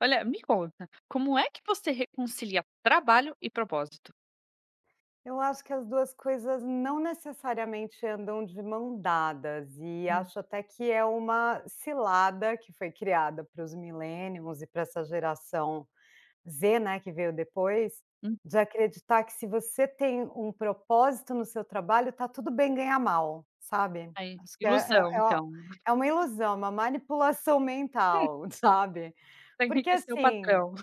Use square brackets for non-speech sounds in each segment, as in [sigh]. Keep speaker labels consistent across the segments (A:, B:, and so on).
A: Olha, me conta, como é que você reconcilia trabalho e propósito?
B: Eu acho que as 2 coisas não necessariamente andam de mãos dadas e
A: Hum.
B: acho até que é uma cilada que foi criada para os Millennials e pra essa Geração Z, né, que veio depois.
A: Uhum.
B: De acreditar que, se você tem um propósito no seu trabalho, tá tudo bem ganhar mal, sabe.
A: Aí,
B: Acho que é
A: ilusão
B: é
A: então.
B: é uma ilusão, é uma manipulação mental, sabe,
A: Pra
B: porque
A: enriquecer o
B: assim
A: patrão.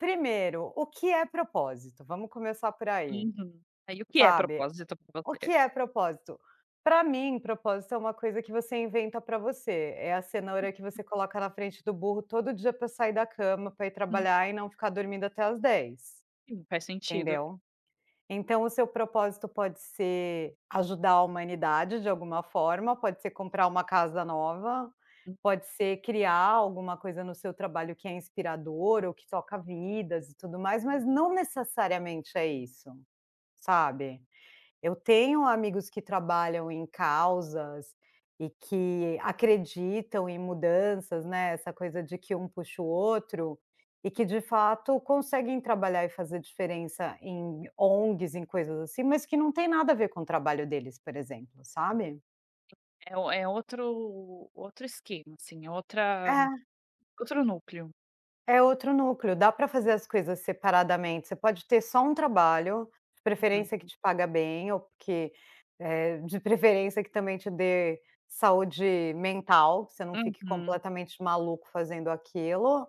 B: primeiro, o que é propósito? Vamos começar por aí,
A: Uhum. Aí, o que é
B: sabe.
A: propósito pra
B: O que
A: você?
B: é propósito? Pra mim, propósito é uma coisa que você inventa pra você, é a cenoura que
A: [unintelligible]
B: você coloca na frente do burro todo dia pra sair da cama, pra ir
A: Hum.
B: trabalhar e não ficar dormindo até às 10.
A: Sim, faz sentido.
B: Entendeu. Então o seu propósito pode ser ajudar a humanidade de alguma forma, pode ser comprar uma casa nova,
A: Hum.
B: pode ser criar alguma coisa no seu trabalho que é inspirador ou que toca vidas e tudo mais, mas não necessariamente é isso, sabe. Eu tenho amigos que trabalham em causas e que acreditam em mudanças, né. Essa coisa de que um puxa o outro, e que de fato conseguem trabalhar e fazer diferença em ONGs, em coisas assim, mas que não tem nada a ver com o trabalho deles, por exemplo, sabe.
A: É é outro outro esquema assim é outra
B: É.
A: outro núcleo.
B: É outro núcleo, dá para fazer as coisas separadamente, você pode ter só um trabalho, de preferência que
A: Uhum.
B: te paga bem ou porque, eh, de preferência que também te dê saúde mental, que você não fique
A: Uhum.
B: completamente maluco fazendo aquilo.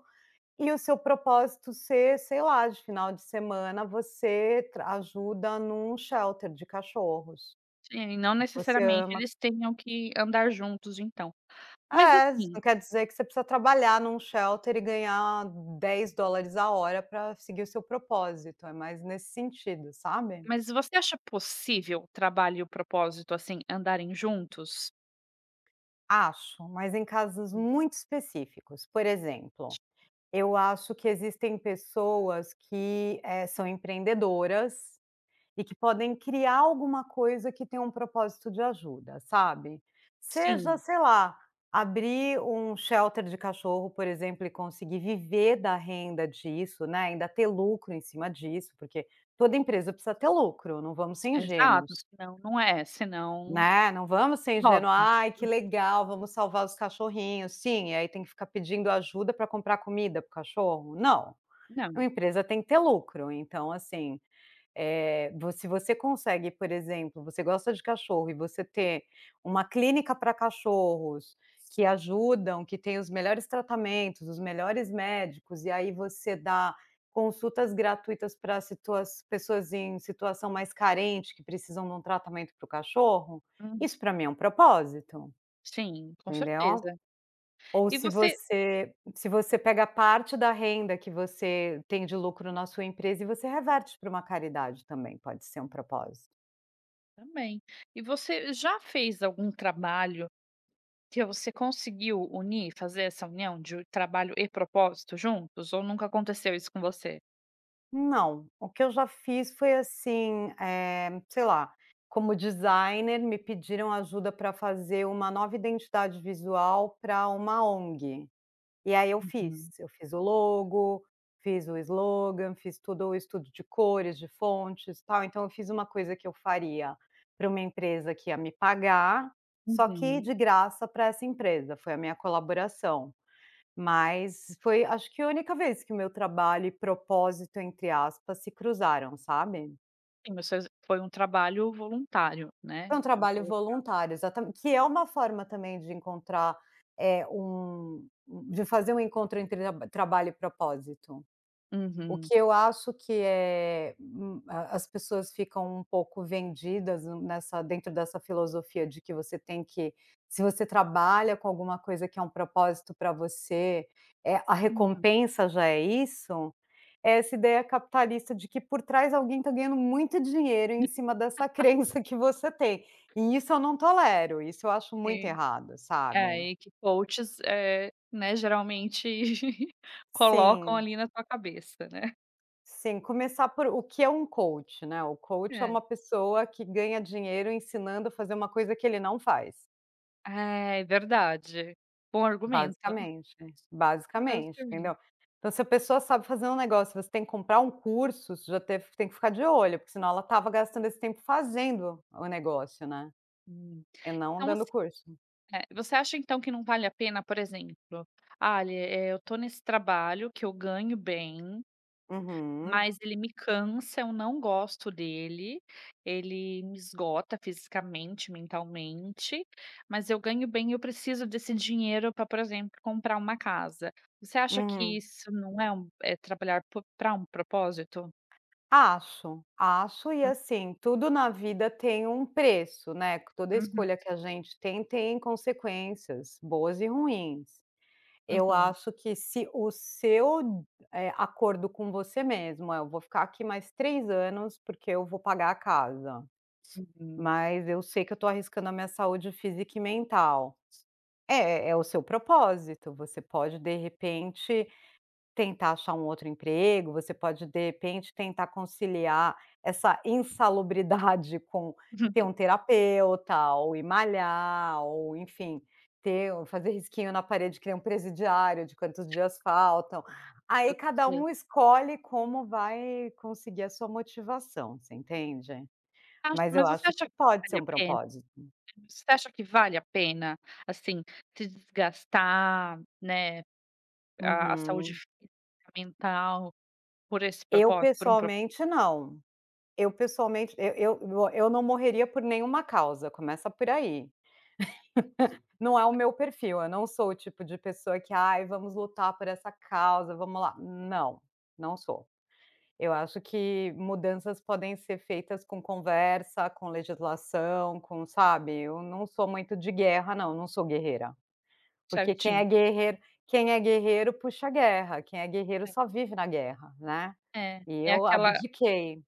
B: E o seu propósito ser, sei lá, de final de semana você ajuda em um shelter de cachorros.
A: Sim, não
B: E que você
A: necessariamente
B: ama.
A: eles tenham que andar juntos então. Mas
B: É,
A: assim.
B: não quer dizer que você precisa trabalhar em um shelter e ganhar $10,00 a hora para seguir o seu propósito, é mais nesse sentido, sabe.
A: Mas você acha possível trabalho e o propósito, assim, andarem juntos.
B: Acho, mas em casos
A: Sim.
B: muito específicos, por exemplo. Eu acho que existem pessoas que, eh, são empreendedoras, e que podem criar alguma coisa que tem um propósito de ajuda, sabe. Seja,
A: Sim.
B: sei lá, abrir um de shelter de cachorro por exemplo e conseguir viver da renda disso, né, ainda ter lucro em cima disso porque, toda empresa precisa ter lucro, não vamos ser
A: Exato,
B: ingênuos.
A: senão não é, senão.
B: Né, não vamos ser ingênuos,
A: Hobby
B: ai que legal, vamos salvar os cachorrinhos sim, e aí tem que ficar pedindo ajuda para comprar comida para o cachorro. Não. Uma
A: Não.
B: empresa tem que ter lucro então assim, eh, vo se você consegue por exemplo, você gosta de cachorro e você ter uma clínica para cachorros, que ajudam, que têm os melhores tratamentos, os melhores médicos, e aí você dá consultas gratuitas para situa pessoas em situação mais carente que precisam de um tratamento para o cachorro,
A: Hum.
B: isso para mim é um propósito.
A: Sim, com
B: Entendeu.
A: certeza.
B: Ou
A: E
B: se
A: você
B: você se você pega parte da renda que você tem de lucro na sua empresa e você reverte para uma caridade também, pode ser um propósito.
A: Também. E você já fez algum trabalho que você conseguiu unir, fazer essa união de o trabalho e propósito juntos, ou nunca aconteceu isso com você?
B: Não, o que eu já fiz foi assim, eh, sei lá, como designer me pediram ajuda pra fazer uma nova identidade visual pra uma ONG, e aí eu
A: Uhum.
B: fiz, eu fiz o logo, fiz o slogan, fiz tudo o estudo de cores, de fontes tal. Então eu fiz uma coisa que eu faria pra uma empresa que ia me pagar, só que
A: Uhum.
B: de graça pra essa empresa, foi a minha colaboração. Mas foi, acho, que a única vez que o meu trabalho e "propósito" entre aspas se cruzaram, sabe.
A: Sim mas faz foi um trabalho voluntário, né,
B: Foi um
A: vamos
B: trabalho
A: colocar.
B: voluntário exata que é uma forma também de encontrar eh, um um de fazer um encontro entre a trabalho e propósito. O
A: Uhum.
B: que eu acho que é hum, a as pessoas ficam um pouco vendidas n nessa dentro dessa filosofia de que você tem que se você trabalha com alguma coisa que é um propósito pra você, eh, a
A: Uhum.
B: recompensa já é isso, é essa ideia capitalista de que por trás alguém tá ganhando muito dinheiro em cima dessa
A: [laughs]
B: crença que você tem, e isso eu não tolero, isso eu acho muito
A: E
B: errado,
A: É
B: sabe.
A: ai que coaches, eh, né, geralmente, [chuckles] colocam
B: Sim.
A: ali na tua cabeça, né.
B: Sim, começar por o que é um coach, né, o coach é
A: É.
B: uma pessoa que ganha dinheiro ensinando a fazer uma coisa que ele não faz.
A: É, verdade, bom argumento. [chuckles]
B: Basicamente, basicamente,
A: Basicamen
B: entendeu. Então se a pessoa sabe fazer um negócio, você tem que comprar um curso, você já teve você já tem que ficar de olho, porque senão ela estava gastando esse tempo fazendo o negócio, né,
A: Hum.
B: e não
A: Então assim,
B: dando curso.
A: eh, você acha então que não vale a pena, por exemplo: "Ah, ele eh, eu tô nesse trabalho que eu ganho bem,
B: Uhum.
A: mas ele me cansa, eu não gosto dele, ele me esgota fisicamente, mentalmente, mas eu ganho bem e eu preciso desse dinheiro, pra, por exemplo, comprar uma casa". Você acha que
B: Uhum.
A: isso não é um é trabalhar po pra um propósito?
B: Acho. Acho, e
A: Hum.
B: assim, tudo na vida tem um preço, né, toda
A: Uhum.
B: escolha que a gente tem, tem consequências boas e ruins. Eu
A: Uhum.
B: acho que se o seu, eh, acordo com você mesmo é: "Eu vou ficar aqui mais 3 anos, porque eu vou pagar a casa,
A: Uhum.
B: mas eu sei que eu tô arriscando a minha saúde física e mental". É, é o seu propósito, você pode, de repente, tentar achar um outro emprego, você pode, de repente, tentar conciliar essa [chuckles] insalubridade com ter
A: [chuckles]
B: uma terapeuta ou ir malhar, ou enfim, ter o fazer risquinho na parede que nem um presidiário, de quantos dias faltam, aí cada
A: [unintelligible]
B: um escolhe como vai conseguir a sua motivação, você entende.
A: Acho,
B: Mas eu
A: mas você
B: acho
A: acha
B: que
A: que
B: pode ser
A: vale a
B: um
A: pena?
B: propósito.
A: Você acha que vale a pena, assim, se desgastar, né, a a saúde
B: Uhum.
A: física, mental, por esse
B: Eu,
A: propósito, por um pro
B: pessoalmente, não. Eu, pessoalmente e eu eu não morreria por nenhuma causa, começa por aí. [laughs] Não é o meu perfil, eu não sou o tipo de pessoa que: "Ai, vamos lutar por essa causa, vamos lá", não, não sou. Eu acho que mudanças podem ser feitas com conversa, com legislação, com sabe, eu não sou muito de guerra não, não sou guerreira. Porque quem é
A: Certinho.
B: guerreiro quem é guerreiro puxa a guerra, quem é guerreiro
A: É.
B: só vive na guerra, né,
A: É,
B: e
A: é
B: eu
A: aquela
B: abdiquei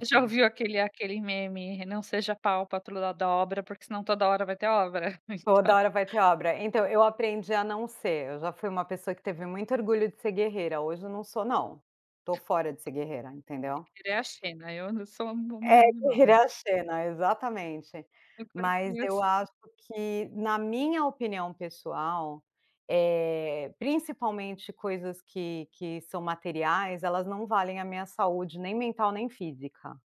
A: Você já ouviu aquele aquele meme: "Não seja pau pra toda obra, porque se não, toda hora vai ter obra",
B: Toda
A: então
B: hora vai ter obra. Então, eu aprendi a não ser, eu já fui uma pessoa que teve muito orgulho de ser guerreira, hoje eu não sou não. Tô fora de ser guerreira, entendeu.
A: Guerreira é a Xena, eu não sou uma uma
B: É,
A: mulher
B: guerreira é
A: normal.
B: a Xena, exatamente.
A: Agora eu
B: Mas
A: queria
B: eu
A: assim.
B: acho que, na minha opinião pessoal, eh, principalmente coisas que que são materiais, elas não valem a minha saúde nem mental, nem física.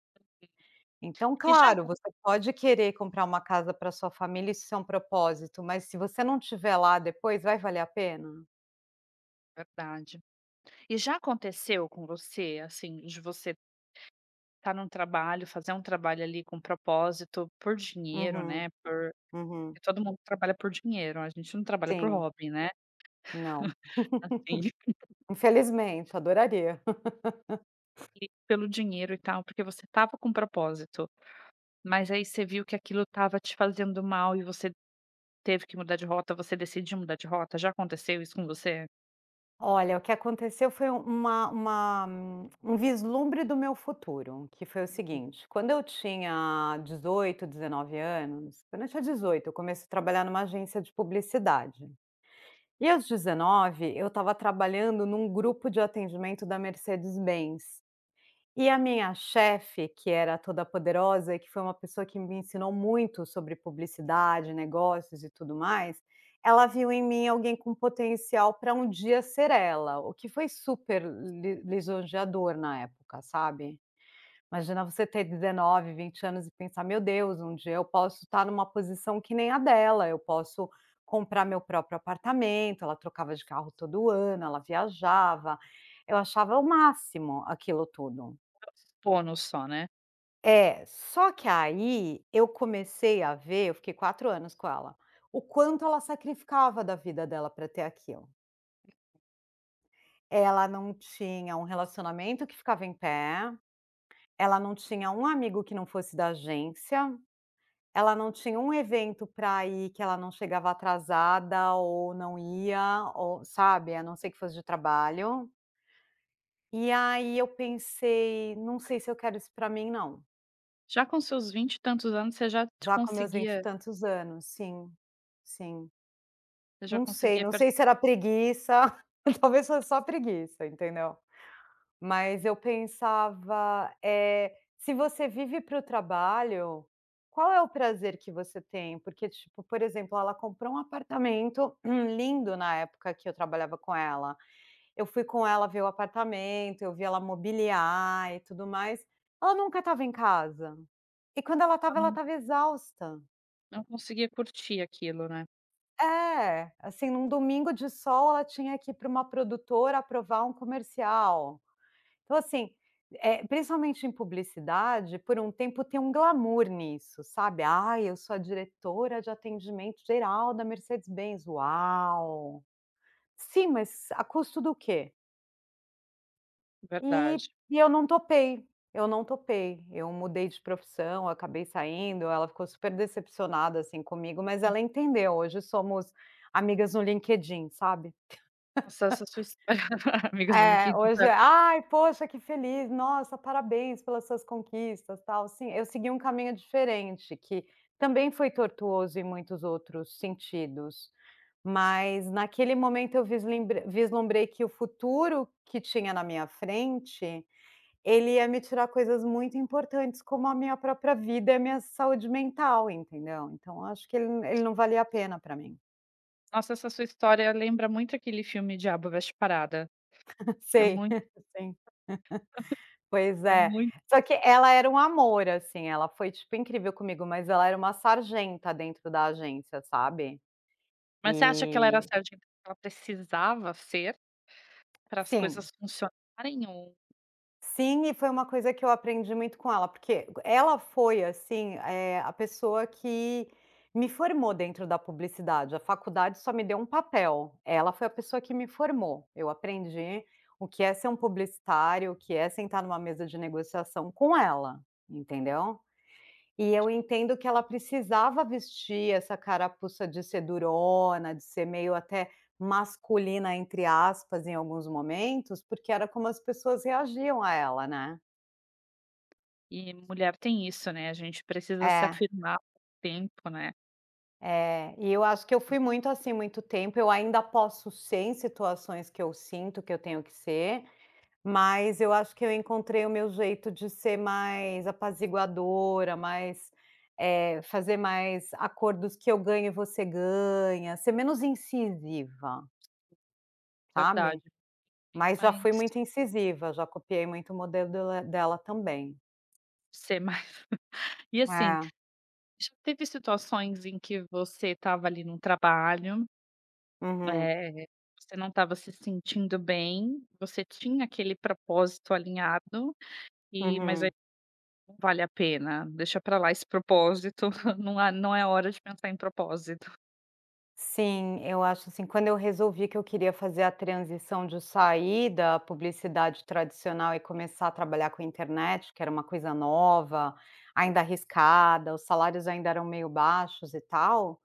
B: Então,
A: E já
B: claro,
A: acon
B: você pode querer comprar uma casa pra sua família, se isso é um propósito, mas se você não estiver lá depois, vai valer a pena?
A: Verdade. E já aconteceu com você assim de você estar em um trabalho, fazer um trabalho ali com propósito, por dinheiro
B: Uhum.
A: né por, porque
B: Uhum.
A: todo mundo trabalha por dinheiro, a gente não trabalha por
B: Sim.
A: hobby, né.
B: Não.
A: [laughs] Assim.
B: [laughs] Infelizmente, adoraria. [laughs]
A: E pelo dinheiro e tal porque você estava com um propósito. Mas aí você viu que aquilo estava te fazendo mal e você teve que mudar de rota você decidiu mudar de rota, já aconteceu isso com você?
B: Olha, que aconteceu foi uma uma um vislumbre do meu futuro, que foi o seguinte, quando eu tinha 18, 19 anos, quando eu tinha 18 eu comecei a trabalhar em uma agência de publicidade. E aos 19 eu estava trabalhando em um grupo de atendimento da Mercedes Benz. E a minha chefe, que era toda poderosa e que foi uma pessoa que me ensinou muito sobre publicidade, negócios e tudo mais, ela viu em mim alguém com potencial para um dia ser ela, o que foi super li lisonjeador na época, sabe. Imagina você ter 19, 20 anos e pensar: "Meu Deus, um dia eu posso estar em uma posição que nem a dela, eu posso comprar meu próprio apartamento", ela trocava de carro todo ano, ela viajava. Eu achava o máximo aquilo tudo.
A: [unintelligible] só, né.
B: É, só que aí eu comecei a ver Eu fiquei 4 anos com ela. O quanto ela sacrificava da vida dela pra ter aquilo. Ela não tinha um relacionamento que ficava em pé, ela não tinha um amigo que não fosse da agência, ela não tinha um evento pra ir que ela não chegava atrasada ou não ia, ou sabe, a não ser que fosse de trabalho. E aí eu pensei: "Não sei se eu quero isso pra mim não".
A: Já com seus vinte e tantos anos você já t
B: Já com meus vinte e
A: conseguia
B: tantos anos, sim, sim.
A: Você já
B: Não sei,
A: conseguia
B: não
A: per
B: sei se era preguiça, [chuckles] talvez fosse só preguiça, entendeu. Mas eu pensava, eh, "se você vive para o trabalho, qual é o prazer que você tem?", porque, tipo, por exemplo, ela comprou um apartamento [clears throat] lindo na época que eu trabalhava com ela. Eu fui com ela ver o apartamento, eu vi ela mobiliar e tudo mais. Ela nunca estava em casa, e quando ela
A: A
B: estava, ela
A: não
B: estava exausta.
A: Não conseguia curtir aquilo, né.
B: É, assim em um domingo de sol ela tinha que ir para uma produtora aprovar um comercial. Então assim, eh, principalmente em publicidade, por um tempo tem um glamour nisso sabe. "Ai eu sou a diretora de atendimento geral da Mercedes Benz, uau". Sim mas a custo do quê? E
A: Verdade.
B: e eu não topei, eu não topei, eu mudei de profissão, acabei saindo, ela ficou super decepcionada, assim, comigo mas ela entendeu hoje somos amigas no LinkedIn, sabe.
A: Acesso a sua histó [chuckles] para amigos do
B: [chuckles] É,
A: LinkedIn foi
B: hoje,
A: ó
B: "ai poxa que feliz, nossa parabéns pelas suas conquistas tal", sim, eu segui um caminho diferente que, também foi tortuoso em muitos outros sentidos, mas naquele momento eu visl vislumbrei que o futuro que tinha na minha frente, ele ia me tirar coisas muito importantes como a minha própria vida e a minha saúde mental, entendeu. Então eu acho que ele n ele não valia a pena para mim.
A: Nossa essa sua história lembra muito aquele filme O diabo veste parada. É
B: Sei,
A: muito.
B: sim. [laughs] Pois
A: É
B: é,
A: muito.
B: só que ela era um amor assim, ela foi tipo incrível comigo mas ela era uma sargenta dentro da agência, sabe.
A: Mas você acha que ela era
B: E
A: a certa então ela precisava ser. Para as
B: Sim.
A: coisas funcionarem ou
B: Sim e foi uma coisa que eu aprendi muito com ela, porque ela foi, assim, eh, a pessoa que me formou dentro da publicidade. A faculdade só me deu um papel, ela foi a pessoa que me formou, eu aprendi o que é ser um publicitário, o que é sentar numa mesa de negociação com ela, entendeu. E eu entendo que ela precisava vestir essa carapuça de ser durona, de ser meio até "masculina", entre aspas, em alguns momentos, porque era como as pessoas reagiam a ela, né?
A: E mulher tem isso, né, a gente precisa se
B: É.
A: afirmar com o tempo, né?
B: É, e eu acho que eu fui muito, assim, muito tempo, eu ainda posso ser em situações que eu sinto que eu tenho que ser, mas eu acho que eu encontrei o meu jeito de ser mais apaziguadora, mais eh, fazer mais acordos que eu ganho e você ganha, ser menos incisiva
A: Verdade,
B: sabe,
A: bem
B: mas já fui
A: mais
B: muito incisiva, já copiei muito o modelo dele dela também.
A: Ser mais. E assim,
B: É.
A: já teve situações em que você estava ali num trabalho,
B: Uhum.
A: eh, você não estava se sentindo bem, você tinha aquele propósito alinhado, eh, mas ai,
B: Uhum.
A: não vale a pena, deixa pra lá esse propósito, [chuckles] não a não é hora de pensar em propósito.
B: Sim, eu acho, assim, quando eu resolvi que eu queria fazer a transição de sair da publicidade tradicional e começar a trabalhar com internet que era uma coisa nova, ainda arriscada, os salários ainda eram meio baixos e tal,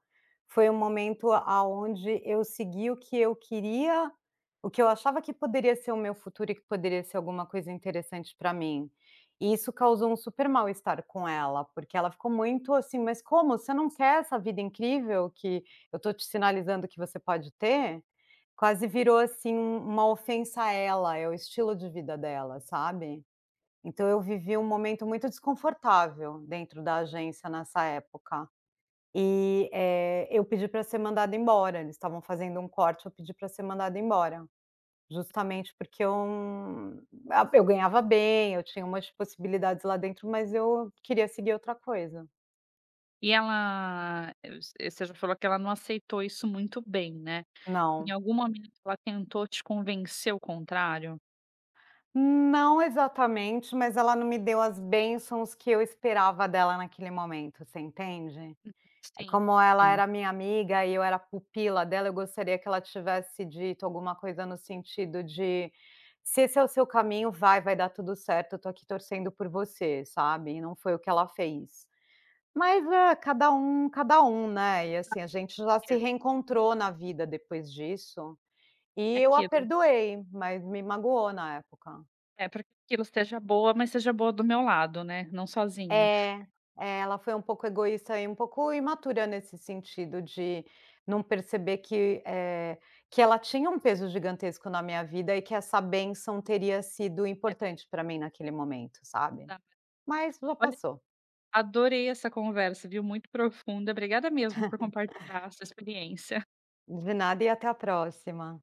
B: foi o momento aonde eu segui o que eu queria, o que eu achava que poderia ser o meu futuro e que poderia ser alguma coisa interessante pra mim. E isso causou um super mal estar com ela, porque ela ficou muito assim: "Mas como? Você não quer essa vida incrível que eu estou te sinalizando que você pode ter?". Quase virou assim uma ofensa a ela, é o estilo de vida dela, sabe. Então eu vivi um momento muito desconfortável dentro da agência nessa época. E, eh, eu pedi pra ser mandada embora, eles estavam fazendo um corte, eu pedi para ser mandada embora. Justamente porque eu a Eu ganhava bem, eu tinha umas possibilidades lá dentro mas eu queria seguir outra coisa.
A: E ela Eh eh, você já falou que ela não aceitou isso muito bem, né. Em
B: Não.
A: algum momento ela tentou te convencer o contrário?
B: Não exatamente, mas ela não me deu as bênçãos que eu esperava dela naquele momento, você entende?
A: Hum,
B: Eh,
A: sim,
B: como ela
A: sim.
B: era a minha amiga e eu era a pupila dela, eu gostaria que ela tivesse dito alguma coisa no sentido de: "Se esse é o seu caminho, vai, vai dar tudo certo, eu tô aqui torcendo por você", sabe, e não foi o que ela fez. Mas é, cada um cada um, né, e
A: Acho
B: assim, a gente já se
A: [unintelligible]
B: reencontrou na vida depois disso, e
A: É
B: eu a
A: aquilo.
B: perdoei, mas me magoou na época.
A: É, pra que aquilo seja boa, mas seja boa do meu lado, né, não sozinha.
B: É. É, ela foi um pouco egoísta e um pouco imatura nesse sentido de não perceber que, eh, que ela tinha um peso gigantesco na minha vida e que essa bênção teria sido
A: É
B: importante pra mim naquele momento, sabe.
A: [unintelligible]
B: Mas já
A: Olha,
B: passou.
A: adorei essa conversa, viu, muito profunda, obrigada mesmo por
B: [chuckles]
A: compartilhar a sua experiência.
B: De nada e até a próxima.